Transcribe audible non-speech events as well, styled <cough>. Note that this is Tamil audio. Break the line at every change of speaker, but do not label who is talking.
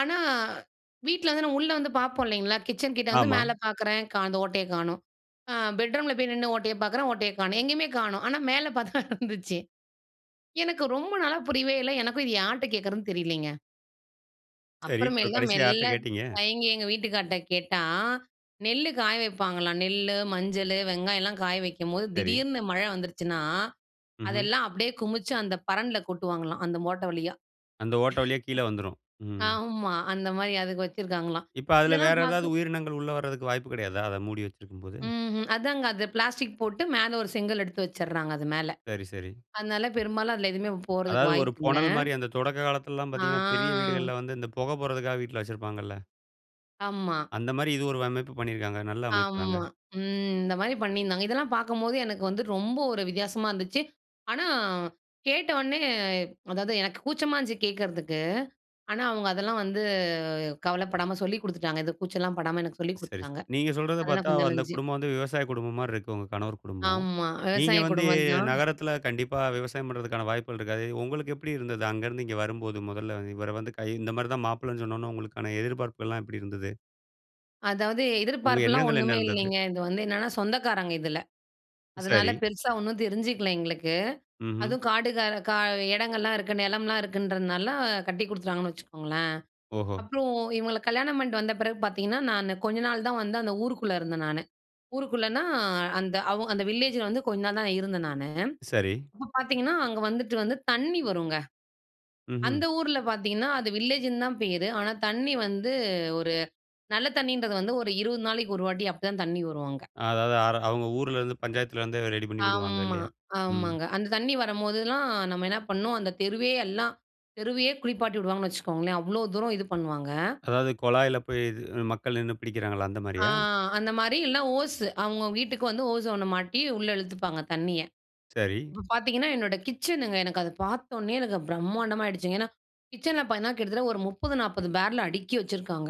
ஆனா, வீட்ல வந்து நம்ம உள்ள வந்து பாப்போம் இல்லைங்களா, கிச்சன் கிட்ட வந்து
ஆமா.
மேல பாக்குறேன். கா அந்த ஓட்டையை காணோம். அ பெட்ரூம்ல போய் நின்னு ஓட்டையை பாக்குறேன் ஓட்டைய காணும். எங்கயுமே காணோம் ஆனா மேல பாத்தா இருந்துச்சு. எனக்கு ரொம்ப நாளா புரியவே இல்ல, எனக்கும் இதை யார்ட்ட கேட்கிறதுன்னு தெரிலிங்க.
சரி, இப்ப
அப்பறமேல்தான்,
கடைசியா யார்ட்ட
மெல்ல
கேட்டீங்க?
தயங்கி எங்க வீட்டுக்கார்ட்ட கேட்டா, நெல்லு காய வைப்பாங்களாம். நெல்லு, மஞ்சளு, வெங்காயம் எல்லாம் காய வைக்கும்போது,
சரி.
திடீர்னு மழை வந்துருச்சுனா
ம்ஹ்ம்.
அதெல்லாம் அப்படியே குமிச்சு, அந்த பரண்ல கொட்டுவாங்களாம், அந்த ஓட்ட வழியா.
அந்த ஓட்ட வழியா கீழ வந்துரும். ம்.
<laughs> ஆமா. அந்த மாரி, அதுக்கு வச்சுருக்காங்களாம்.
இப்ப அதில
இதெல்லாம்
வேற ஏதாவது
பாக்க
உயிரினங்கள் உள்ள வர்றதுக்கு வாய்ப்பு கிடையாதா? அத மூடி வச்சுருக்கும் போது.
ம்ஹ் அதாங்க, அது பிளாஸ்டிக் போட்டு மேல ஒரு செங்கல் எடுத்து வச்சிறாங்க அது மேல.
சரி, சரி.
அதனால பெரும்பாலும் அதில எதுவுமே போறதுக்கு
அதாவது, ஒரு
வாய்ப்பு இல்ல.
புனல் மாரி. அந்த தொடக்க காலத்திலலாம் பாத்தீங்கன்னா பெரிய
ஆ.
வீடுகள்ல வந்து, இந்த புகை போறதுக்காக வீட்ல வச்சிருப்பாங்கல்ல.
ஆமா.
அந்த மாரி இது ஒரு அமைப்பு பண்ணியிருக்காங்க. நல்ல அமைப்புதாங்க.
ஆமா, ம். இந்த மாரி பண்ணியிருந்தாங்க, இதெல்லாம் பாக்கம்போது எனக்கு வந்து ரொம்ப ஒரு வித்தியாசமா இருந்துச்சு. ஆனா, கேட்ட உடனே அதாவது, எனக்கு கூச்சமா இருந்துச்சு கேக்கிறதுக்கு. ஆனா, அவுங்க அதெல்லாம் வந்து கவலப்படாம சொல்லிக் கொடுத்துட்டாங்க. இந்த கூச்சல்லாம் படாம எனக்கு சொல்லிக்
சரி, சரி.
குடுத்துட்டாங்க.
நீங்க சொல்றத
அதெல்லாம்
பாத்தா
கொஞ்சம் நல்லா
அந்த
இருந்துச்சு.
குடும்பம் வந்து விவசாய குடும்பம் மாரி இருக்கு. உங்க கணவர் குடும்பம்.
ஆமா,
நீங்க
விவசாய
வந்து
குடும்பம் தான்.
நகரத்தில கண்டிப்பா விவசாயம் பண்றதுக்கான வாய்ப்புகள் இருக்காது. உங்களுக்கு எப்படி இருந்தது. அங்க இருந்து இங்க வரும்போது, முதல, இவர வந்து கை இந்த மாரி தான் மாப்பிள்ளைனு சொன்ன உடனே உங்களுக்கான எதிர்பார்ப்புகள்லாம் எப்படி இருந்தது?
அதாவது,
உங்க
எதிர்பார்ப்புலாம்
எண்ணங்கள் என்ன
ஒண்ணுமே
இருந்தது?
இல்லைங்க. இது வந்து என்னென்னா சொந்தக்காரங்க இதுல. அதனால
சரி.
பெருசா ஒண்ணும் தெரிஞ்சுக்கல எங்களுக்கு.
ம்ஹ்ம்.
அதுவும் காடு க க இடங்கள்லாம் இருக்கு நிலம்லாம் இருக்குன்றதுனால கட்டி கொடுத்துட்டாங்கன்னு வச்சுக்கோங்களேன்.
ஓஹோ!
அப்புறம் இவங்கள கல்யாணம் பண்ணிட்டு வந்த பிறகு பாத்தீங்கன்னா, நான் கொஞ்ச நாள் தான் வந்து அந்த ஊருக்குள்ள இருந்தேன் நானு, ஊருக்குள்ளனா அந்த அவ அந்த வில்லேஜில வந்து கொஞ்ச நாள் தான் இருந்தேன் நானு.
சரி.
அப்போ பாத்தீங்கன்னா, அங்க வந்துட்டு வந்து தண்ணி வருங்க.
ம்ஹ்ம்.
அந்த ஊர்ல பாத்தீங்கன்னா, அது வில்லேஜுன்னு தான் பேரு. ஆனா, தண்ணி வந்து ஒரு நல்ல தண்ணீன்றது வந்து ஒரு 20 நாளைக்கு ஒரு வாட்டி அப்படிதான் தண்ணி வரும் அங்க.
அதாவது, அர அவுங்க ஊர்லருந்து பஞ்சாயத்துல இருந்தே ரெடி பண்ணி குடுவாங்க
ஆமா,
இல்லையா? ம்.
ஆமாங்க. அந்த தண்ணி வரம்போதெல்லாம், நம்ம என்ன பண்ணோம் அந்த தெருவே எல்லாம், தெருவையே குளிப்பாட்டி விடுவாங்கன்னு வச்சுக்கோங்களேன். அவ்ளோ தூரம் இது பண்ணுவாங்க.
அதாவது கொழாயில போய், இது மக்கள் நின்னு பிடிக்கிறாங்கலா அந்த
ஆ
மாரியா?
அந்த மாரி இல்லனா ஓஸ்சு, அவுங்கங்க வீட்டுக்கு வந்து ஓசோ ஒண்ண மாட்டி உள்ள இழுத்துப்பாங்க தண்ணிய.
சரி.
இப்ப பாத்தீங்கன்னா என்னோட கிச்சனுங்க, எனக்கு அத பாத்த உடனே எனக்கு பிரம்மாண்டமா ஆகிடுச்சுங்க. ஏன்னா கிட்சன்ல பாத்தீங்கன்னா, கிட்டத்தட்ட ஒரு 30, 40 பேரல் அடுக்கி வச்சிருக்காங்க.